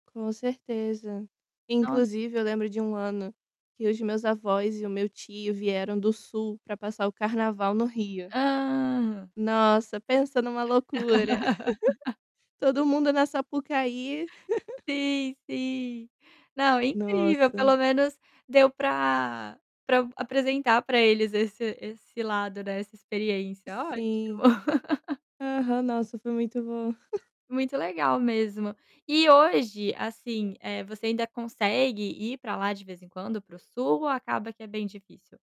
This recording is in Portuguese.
Com certeza. Nos Inclusive eu lembro de um ano, que os meus avós e o meu tio vieram do sul para passar o carnaval no Rio. Hã. Nossa, pensa em uma loucura. Todo mundo na Sapucaí. Sim, sim. Não, incrível, Nossa! pelo menos deu pra pra apresentar pra eles esse esse lado, né, essa experiência, ótimo. Sim. Aham. Nossa, foi muito bom. Muito legal mesmo. E, hoje, assim, eh, você ainda consegue ir pra lá de vez em quando, para o sul ou acaba que é bem difícil?